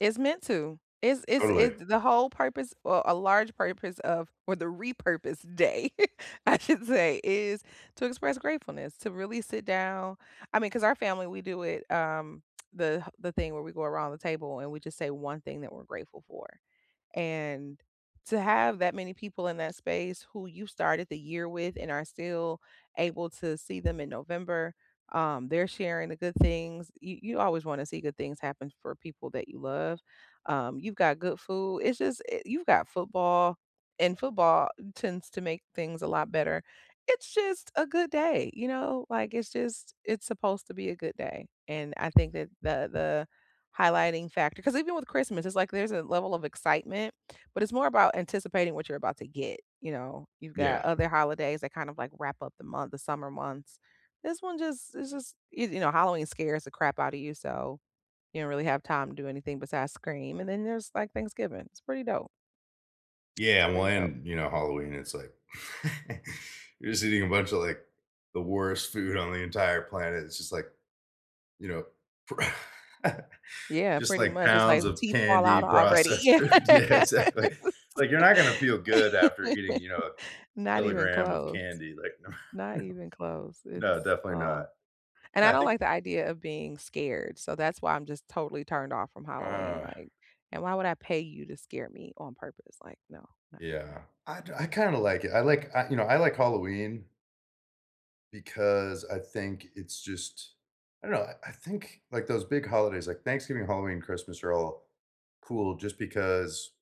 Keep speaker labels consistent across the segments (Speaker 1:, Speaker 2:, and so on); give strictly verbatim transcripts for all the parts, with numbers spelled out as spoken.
Speaker 1: It's meant to, it's it's
Speaker 2: Totally.
Speaker 1: it's the whole purpose, or a large purpose of or the repurpose day, I should say, is to express gratefulness, to really sit down, I mean, 'cause our family, we do it, um, the the thing where we go around the table, and we just say one thing that we're grateful for. And to have that many people in that space who you started the year with and are still able to see them in November, um, they're sharing the good things, you you always wanna see good things happen for people that you love, um, you've got good food, it's just i you've got football, and football tends to make things a lot better. It's just a good day, you know, like, it's just it's supposed to be a good day, and I think that the the highlighting factor 'cause even with Christmas, it's like there's a level of excitement, but it's more about anticipating what you're about to get, you know, you've got
Speaker 2: Yeah.
Speaker 1: other holidays that kind of like, wrap up the month, the summer months. This one just it's just, you you know, Halloween scares the crap out of you, so, you don't really have time to do anything besides scream, and then there's like Thanksgiving, it's pretty dope. It's
Speaker 2: Yeah,
Speaker 1: pretty dope.
Speaker 2: when you know, Halloween, it's like you're just eating a bunch of, like, the worst food on the entire planet, it's just like, you know pr
Speaker 1: Yeah,
Speaker 2: just
Speaker 1: pretty
Speaker 2: like,
Speaker 1: much, it's, like,
Speaker 2: pounds of
Speaker 1: teeth fall out
Speaker 2: candy
Speaker 1: already,
Speaker 2: processed
Speaker 1: yes
Speaker 2: food, yeah, exactly, like, you're not gonna feel good after eating, you know, a
Speaker 1: Not even
Speaker 2: kilogram of
Speaker 1: close
Speaker 2: candy, like
Speaker 1: not even close.
Speaker 2: no,
Speaker 1: It's,
Speaker 2: definitely
Speaker 1: uh
Speaker 2: not,
Speaker 1: and,
Speaker 2: yeah,
Speaker 1: I
Speaker 2: I
Speaker 1: don't,
Speaker 2: think
Speaker 1: like, the idea of being scared, so, that's why I'm just totally turned off from Halloween,
Speaker 2: Uh
Speaker 1: like, and "Why would I pay you to scare me on purpose," like, "No," not doing that.
Speaker 2: Yeah, I do I kind of like it, I like I you know, I like Halloween. Because I think it's just I don't know, I think, like, those big holidays, like, Thanksgiving, Halloween, Christmas are all cool just because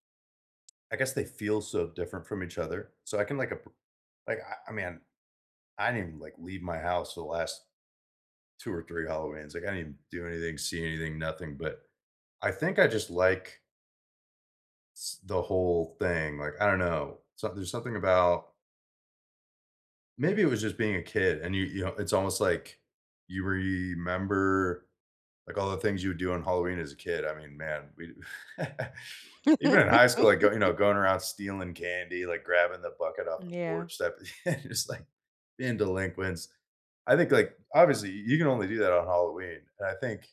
Speaker 2: I guess they feel, so, different from each other, so, I can like, ap like, I I mean, I didn't even, like, leave my house for the last. two or three Halloweens, like I didn't do anything, see anything, nothing, but I think I just like S the whole thing, like, I don't know, something there's something about. Maybe it was just being a kid, and you you know, it's almost, like, you remember, like, all the things you would do on Halloween as a kid, I mean, man, we Even in high school, like, go you know, going around stealing candy, like grabbing the bucket off the
Speaker 1: Yeah.
Speaker 2: porch, that it's like, being delinquents. I think, like, obviously you can only do that on Halloween, and I think